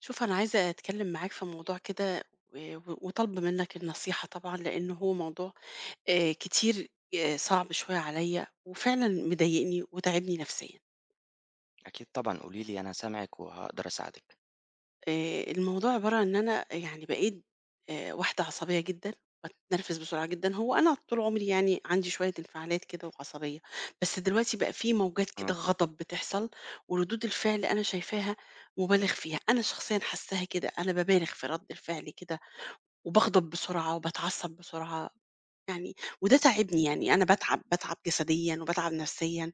شوف أنا عايزة أتكلم معاك في موضوع كده آآ و وطالبة منّك النصيحة طبعًا، لأن هو موضوع آآ كتير آآ صَعب شوية عليَّ، وفعلًا مضايقني وتاعبني نفسيًا. أكيد طبعًا، قولي لي أنا سامعِك، وهاقدَر أساعدِك. آآ الموضوع عبارة عن إن أنا أ يعني بقيت آآ واحدة عصبية جدًا، باتنرفز بسرعة جدًا هو أنا طول عُمري يعني عَندي شوية انفعالات كده وعصبية، بس دلوقتي بقى في موجات كده امم. غضب بتحصَل وردود الفعل أنا شايفاها مُبالغ فيها، أنا شخصيًا حاسّاها كده، أنا بابالغ في رَد الفعل كده وباغضب، بسرعة وباتعصّب بسرعة. يعني، وده تاعبني يعني أنا باتعب باتعب جسديًا وباتعب نفسيًا،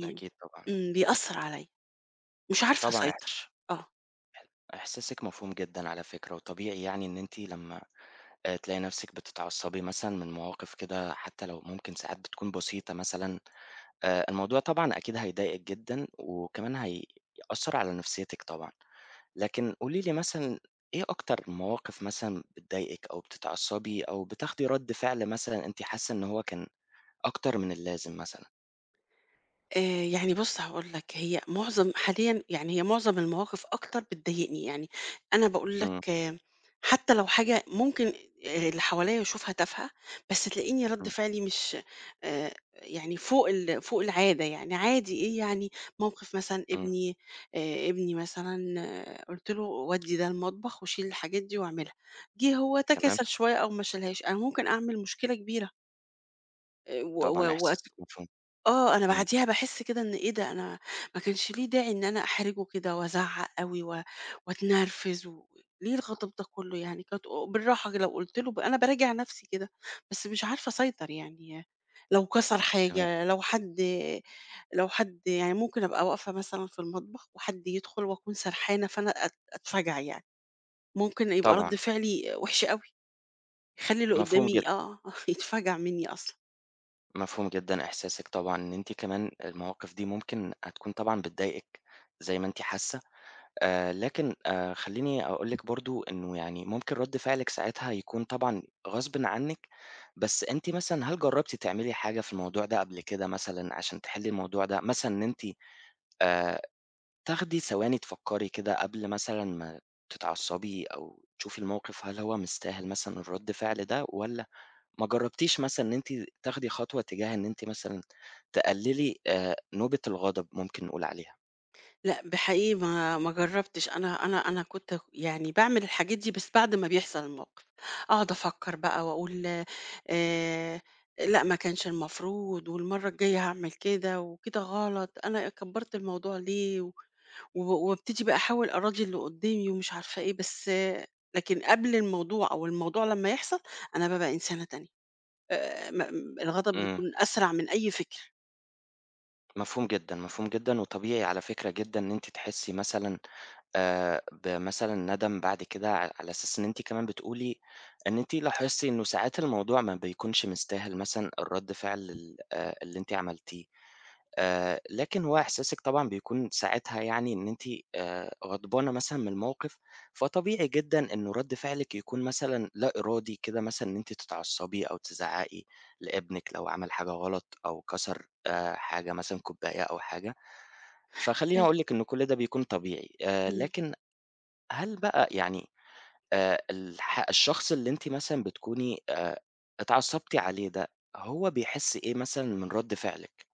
ده أكيد طبعًا. إمم بيأثّر عليَّ. مش عارفة طبعًا احس أسيطَر، آه. إح إحساسِك مفهوم جدًا على فكرة، وطبيعي يعني إن أنتِ لمّا آآ تلاقي نفسِك بتتعصبي مثلًا من مواقِف كده حتّى لو ممكن ساعات بتكون بسيطة مثلًا، آآ الموضوع طبعًا أكيد هيضايقِك جدًا، وكمان هيأثّر على نفسيتِك طبعًا، لكن قولي لي مثلًا، إيه أكتر المواقِف مثلًا بتضايقِك أو بتتعصبي أو بتاخدي رَد فعل مثلًا أنتِ حاسة إن هو كان أكتر من اللازم مثلًا؟ آآ يعني بُص هاقول لك هي مُعظم حاليًا يعني هي مُعظم المواقِف أكتر بتضايقني، يعني أنا باقول لك إمم. حتّى لو حاجة ممكن آآ اللي حواليّا يشوفها تافهة بس تلاقيني رَد إمم. فعلي مش آآ يعني فوق ال فوق العادة يعني عادي إيه يعني مَوقِف مثلًا إمم. ابني آآ ابني مثلًا قُلت له ودّي ده المطبخ وشيل الحاجات دي وأعملها، جِه هو تمام. تكاسل شوية أو ما شالهاش، أنا ممكن أعمل مشكلة كبيرة. آآ و طبعًا و وات احساسِك مفهوم. آه أنا إمم. بَعدِيها باحس كده إن إيه ده أنا ما كانش ليه داعي إن أنا أحرِجه كده وأزعّق أوي و وأتنرفز، و ليه الغضب ده كلّه يعني، كانت او بالراحة كده لو قُلت له، أنا باراجِع نَفسي كده بس مش عارفة أسيطر يعني، لو كَسَر تمام. حاجة لو حد لو حد يعني ممكن أبقى واقفة مثلًا في المطبخ وحد يدخُل وأكون سرحانة فأنا أت أتفجَع يعني، ممكن يبقى رد طبعًا. فعلي وِحِش أوي، يخلّي اللي مفهوم جدًا. قدّامي آه، آه، يتفجَع منّي أصلًا. مفهوم جدًا إحساسِك طبعًا إن أنتِ كمان المواقِف دي ممكن هتكون طبعًا بتضايقِك زي ما أنتِ حاسّة، آآ لكن آآ خلّيني أقول لِك برضه إنّه يعني ممكن رد فعلِك ساعتها يكون طبعًا غصبٍ عنِّك، بس أنتِ مثلًا هل جرّبتِ تعملي حاجة في الموضوع ده قَبل كده مثلًا عشان تحِلّي الموضوع ده، مثلًا إن أنتِ آآ تاخدي ثواني تفكّري كده قبل مثلًا ما تتعصّبي أو تشوفي المَوقِف هل هو مستاهل مثلًا الرَد فِعل ده؟ والّا ما جرّبتيش مثلًا إن أنتِ تاخدي خطوة تجاه إن أنتِ مثلًا، تقللي آآ نوبة الغضب ممكن نقول عليها؟ لأ ب حقيقي ما ما جرّبتش، أنا أنا أنا كنت اك يعني باعمل الحاجات دي، بس بعد ما بيحصل الموقِف، اقعُد افكّر بقى واقول آآ، لأ ما كانش المفروض، والمَرّة الجايّة هاعمل كده، وكده غلط أنا أ كبّرت الموضوع ليه، و و وابتدي بقى احاول أراضي اللي قدّامي ومش عارفة إيه، بس لكن قبل الموضوع أو الموضوع لمّا يحصل أنا بابقى إنسانة تانية، آآ، ما أم الغضب إمم. بيكون أسرع من أي فكر. مفهوم جدًا، مفهوم جدًا، وطبيعي على فكرة جدًا إن أنتِ تحسّي مثلًا آآ، بمثلًا ندم بعد كده ع على أساس إن أنتِ كمان بتقولي إن أنتِ لاحظتِ إنه ساعات الموضوع ما بيكونش مستاهل مثلًا الرَد فعل ال آآ، اللي أنتِ عملتيه آآ، لكن هو إحساسِك طبعًا بيكون ساعتها يعني إن أنتِ آآ، غضبانة مثلًا من الموقِف، فطبيعي جدًا إنه رَد فعلِك بيكون مثلًا لا إرادي كده، مثلًا إن أنتِ تتعصبي أو تزعّقي لإبنِك لو عمل حاجة غلط أو كسر آآ، حاجة مثلًا كوباية أو حاجة. فخلّيني اقول لِك إن كُلّ ده بيكون طبيعي آآ، إمم. لكن هل بقى يعني آآ، الح الشخص اللي أنتِ مثلًا بتكوني آآ، اتعصبتِ عليه ده هو بيحس إيه مثلًا من رَد فعلِك؟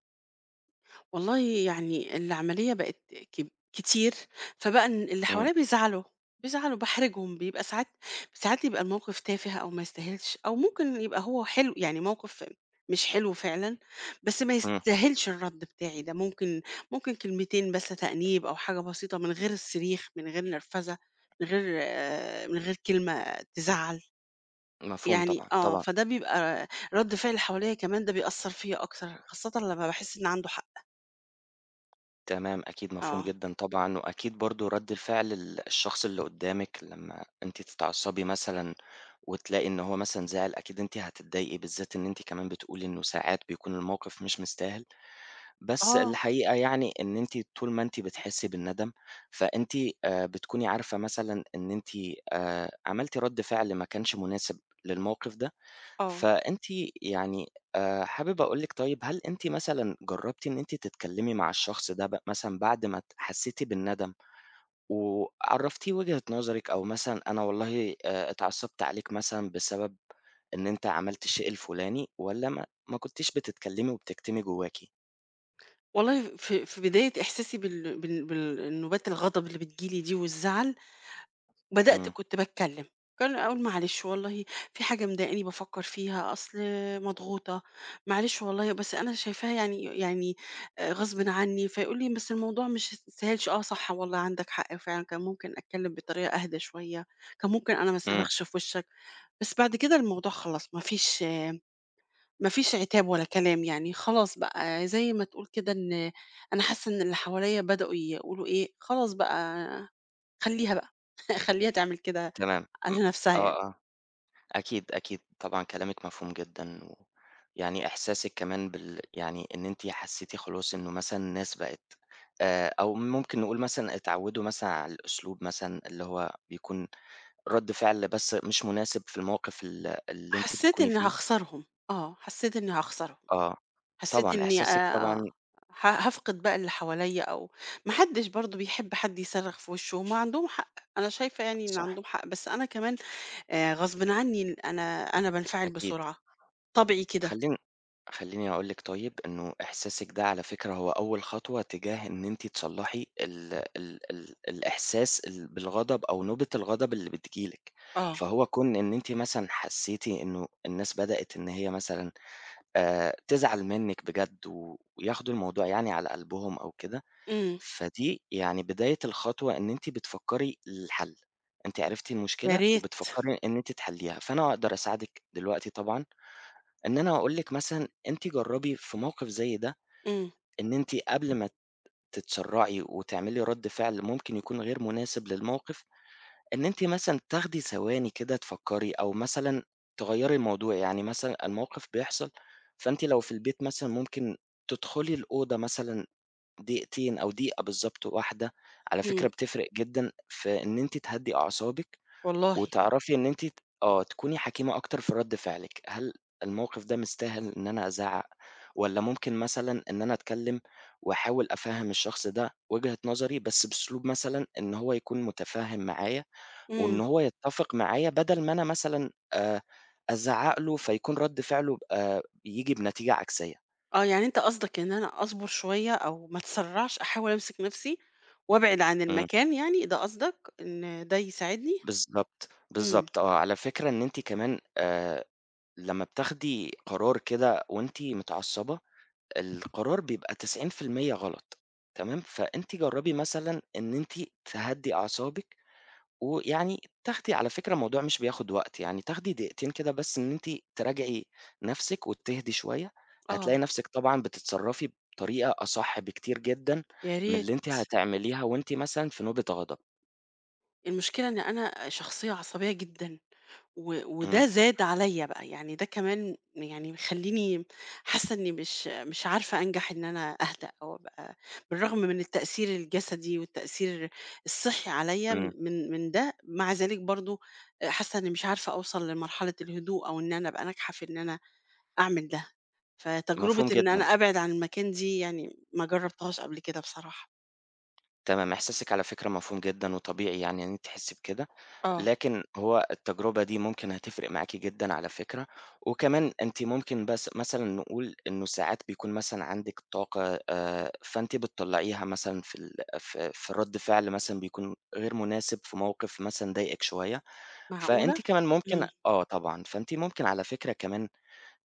والله يعني العملية بقت كب كتير، فبقى إن اللي إمم. حواليّا بيزعلوا، بيزعلوا، باحرِجهم، بيبقى ساعات ساعات بيبقى المَوقِف تافه أو ما يستاهلش، أو ممكن يبقى هو حلو يعني مَوقِف مش حلو فعلًا بس ما إمم. يستاهلش الرد بتاعي ده، ممكن ممكن كلمتين بس تأنيب أو حاجة بسيطة من غير الصريخ، من غير نرفزة، من غير آآ من غير كلمة تزعَّل. مفهوم يعني طبعًا، آه، طبعًا. فده بيبقى رد فعل اللي حواليّأ كمان ده بيأثّر فيَّ أكتر خاصةً لمّا باحس إن عَنده حق. تمام، أكيد مفهوم آه. جدًا طبعًا، وأكيد برضو رد فعل ال الشخص اللي قدّامِك لمّا أنتِ تتعصبي مثلًا وتلاقي إن هو مثلًا زعل، أكيد أنتِ هتضايقي بالذات إن أنتِ كمان بتقولي إنّه ساعات بيكون المَوقِف مش مستاهل. بس آه. الحقيقة يعني إن أنتِ طول ما أنتِ بتحسّي بالندم فأنتِ آآ، بتكوني عارفة مثلًا إن أنتِ آآ، عملتِ رد فِعل ما كانش مناسب للمَوقِف ده. آه. فأنتِ يعني آآ، حابب أقول لِك طيّب هل أنتِ مثلًا جرّبتِ إن أنتِ تتكلمي مع الشخص ده بق مثلًا بعد ما حسّيتِ بالندم وعرّفتيه وجهة نظرِك أو مثلًا أنا والله آآ، اتعصّبت عليك مثلًا بسبب إن أنت عملت الشيء الفلاني، والّا ما ما كنتيش بتتكلمي وبتكتمي جوّاكِ؟ والله ف في بداية إحساسي بال بال بال النوبات الغضب اللي بتيجي لي دي والزعل، بدأت إمم. كنت باتكلّم، كان اقول: "معلش والله في حاجة مضايقاني بافكّر فيها، أصل مضغوطة، معلش والله بس أنا شايفاها يعني يعني غصبٍ عني،" فيقول لي: "بس الموضوع مش ما يستاهلش،" "آه صح والله عندك حق فعلًا كان ممكن أتكلّم بطريقة أهدى شوية، كان ممكن أنا ما إمم. أصرّخش في وشّك." بس بعد كده الموضوع خلاص ما فيش ما فيش عتاب ولا كلام يعني، خلاص بقى زي ما تقول كده إن أنا حاسّة إن اللي حواليّا بدأوا يقولوا إيه: "خلاص بقى خلّيها بقى، خلّيها تعمل كده تمام م على نفْسها يعني." آه، آه، أكيد أكيد طبعًا كلامِك مفهوم جدًا و يعني إحساسِك كمان بال يعني إن أنتِ حسّيتِ خلاص إن مثلًا الناس بقِت آآ أو ممكن نقول مثلًا اتعوّدوا مثلًا على الأسلوب مثلًا اللي هو بيكون رد فعل بس مش مناسب في الموقف ال اللي أنتِ حسّيت بتكوني إني فيه هاخسرهم، آه حسّيت إني هاخسرهم، آه حسّيت طبعًا إني إحساسِك آآ آه طبعًا ه هافقد بقى اللي حواليّا أو ما حدش برضو بيحب حد يصرّخ في وشه هُم عندهم حق، أنا شايفة يعني إن صح. عندهم حق، بس أنا كمان آآ غصبٍ عني إن أنا أنا بانفعل أكيد. بسرعة، طبعي كده. خلّين خلّيني أقول لِك طيب إنه إحساسِك ده على فكرة هو أول خطوة تجاه إن أنتِ تصلّحي ال ال ال الإحساس ال بالغضب أو نوبة الغضب اللي بتيجي لِك آه. فهو كون إن أنتِ مثلًا حسّيتِ إنه الناس بدأت إن هي مثلًا آآ تزعل منِك بجد وياخدوا الموضوع يعني على قلبهم أو كده، إمم. فدي يعني بداية الخطوة إن أنتِ بتفكّري للحل، أنتِ عرفتِ يا المشكلة ريت. وبتفكّري إن أنتِ تحلّيها فأنا أقدر أساعدِك دلوقتي طبعًا، إن أنا أقول لِك مثلًا أنتِ جرّبي في موقف زي ده إمم. إن أنتِ قبل ما تتسرّعي وتعملي رد فعل ممكن يكون غير مناسب للموقف، إن أنتِ مثلًا تاخدي ثواني كده تفكّري، أو مثلًا تغيّري الموضوع يعني مثلًا الموقف بيحصل فأنتِ لو في البيت مثلًا ممكن تدخلي الأوضة مثلًا دقيقتين أو دقيقة بالضبط واحدة، على إمم. فكرة بتفرِق جدًا في إن أنتِ تهدي أعصابِك، والله؟ وتعرفي إن أنتِ ت آه تكوني حكيمة أكتر في رد فعلِك، "هل الموقف ده مستاهل إن أنا أزعَّق؟ والّا ممكن مثلًا إن أنا أتكلّم وأحاول أفهّم الشخص ده وجهة نظري بس بأسلوب مثلًا إن هو يكون متفهم معايا، وإن إمم. هو يتفق معايا بدل ما أنا مثلًا آآ أزعَّق له فيكون رد فعله آآ ييجي بنتيجة عكسية." آه يعني أنت قصدك إن أنا أصبر شوية، أو ما أتسرعش، أحاول أمسِك نَفسِي، وأبعِد عن إمم. المكان يعني، ده قصدك، إن ده يساعدني؟ بالضبط. إمم. بالضبط آه، على فكرة إن أنتِ كمان آآ، لمّا بتاخدي قرار كده وأنتِ متعصبة، القرار بيبقى 90% غلط، تمام؟ فأنتِ جربي مثلًا إن أنتِ تهدّي أعصابِك، ويعني تاخدي على فكرة الموضوع مش بياخد وقت يعني تاخدي دقيقتين كده بس إن أنتِ تراجعي نَفسِك، وتهدِي شوية هتلاقي آه. نَفسِك طبعًا بتتصرفي بطريقة أصح بكتير جدًا يا من ريت. اللي أنتِ هتعمليها وأنتِ مثلًا في نوبة غضب. المشكلة إن أنا أ شخصية عصبية جدًا، و إمم. وده زاد عليّا بقى، يعني ده كمان يعني مخلّيني حاسة إني مش مش عزارفة أنجح إن أنا أهدا، أو أبقى بالرغم من التأثير الجسدي والتأثير الصحي عليّا م إمم. من من ده مع ذلك برضه حاسة إني مش عارفة أوصَل لمرحلة الهدوء، أو إن أنا أبقى ناجحة في إن أنا أعمل ده. فتجربة مفهوم إن جدًا. أنا أبعِد عن المكان دي يعني، ما جربتهاش قبل كده بصراحة. تمام إحساسِك على فكرة مفهوم جدًا وطبيعي يعني إن أنتِ تحسي بكده، آه. لكن هو التجربة دي ممكن هتفرق معاكِ جدًا على فكرة، وكمان أنتِ ممكن بس مثلًا نقول إنه ساعات بيكون مثلًا عندِك طاقة آآ، فأنتِ بتطلعيها مثلًا في ال ف في رد فعل مثلًا بيكون غير مناسب، في موقف مثلًا ضايقِك شوية، معقولة؟ فأنتِ كمان ممكن امم. آه طبعًا، فأنتِ ممكن على فكرة كمان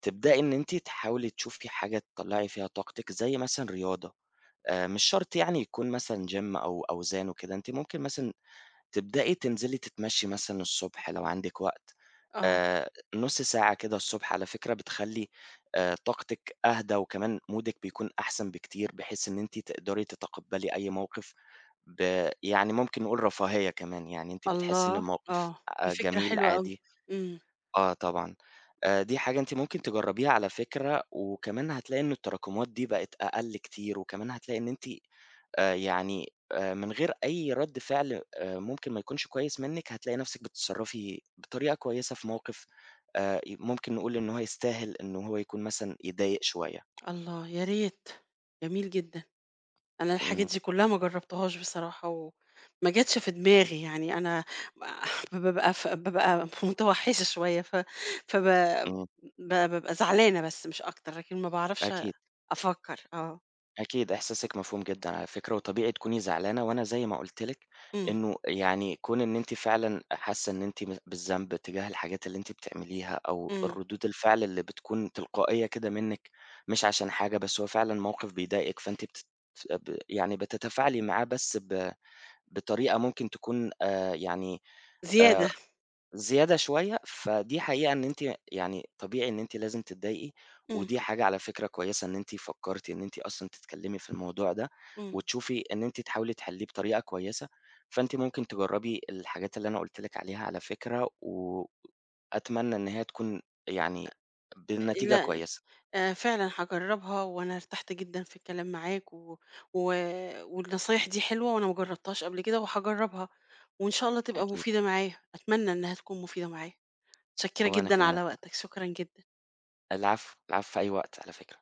تبدئي إن أنتِ تحاولي تشوفي حاجة تطلعي فيها طاقتِك، زي مثلًا رياضة، آآ مش شرط يعني يكون مثلًا Gym أو أوزان وكده، أنتِ ممكن مثلًا تبدئي تنزلي تتمشي مثلًا الصبح لو عندِك وقت، آه. آآ نُص ساعة كده الصبح على فكرة بتخلي آآ طاقتِك أهدى وكمان مودِك بيكون أحسن بكتير، بحيث إن أنتِ تقدري تتقبلي أي موقف ب يعني ممكن نقول رفاهية كمان، يعني أنتِ بتحسي إن الله! الموقف آه، دي آآ فكرة جميل حلوة أوي، عادي امم. آه طبعًا، دي حاجة أنتِ ممكن تجربيها على فكرة، وكمان هتلاقي إن التراكمات دي بقت أقل كتير وكمان هتلاقي إن أنتِ آآ يعني، آآ من غير أي رد فعل آآ ممكن ما يكونش كويس منك، هتلاقي نفْسِك بتتصرفي بطريقة كويسة في موقف آآ ممكن نقول إن هو يستاهل إن هو يكون مثلًا يضايق شوية. الله، يا ريت! جميل جدًا، أنا الحاجات امم. دي كلها ما جربتهاش بصراحة وما جاتش في دماغي، يعني أنا [unintelligible] بابقى في بابقى متوحشة شوية، ف فب امم. ب بابقى زعلانة بس مش أكتر، لكن ما باعرفش أكيد. أفكر، آه. أكيد إحساسِك مفهوم جدًا على فكرة وطبيعي تكوني زعلانة، وأنا زي ما قلت لِك، امم. إنه يعني كون إن أنتِ فعلًا حاسة إن أنتِ ب بالذنب تجاه الحاجات اللي أنتِ بتعمليها أو امم. الردود الفعل اللي بتكون تلقائية كده منِك، مش عشان حاجة، بس هو فعلًا موقف بيضايقك فأنتِ بت ب يعني بتتفاعلي معاه بس ب بطريقة ممكن تكون آآ يعني آآ زيادة. زيادة شوية، فدي حقيقة إن أنتِ ي يعني طبيعي إن أنتِ لازم تضايقي، امم. ودي حاجة على فكرة كويسة، أنتِ فكرتِ إن أنتِ أصلًا تتكلمي في الموضوع ده امم. وتشوفي إن أنتِ تحاولي تحليه بطريقة كويسة، فأنتِ ممكن تجربي الحاجات اللي أنا قلت لِك عليها على فكرة و أتمنى إن هي تكون يعني آآ بالنتيجة لا كويسة. آآ، فعلًا هاجربها وأنا ارتحت جدًا في الكلام معاك، و و والنصايح دي حلوة وأنا ما جربتهاش قبل كده وهاجربها وإن شاء الله تبقى أكيد. مفيدة معايا، أتمنى إنها تكون مفيدة معايا، متشكرة وأنا جدًا كمان على [unintelligible] وقتك شكرًا جدًا. العفو، العفو، في أي وقت على فكرة.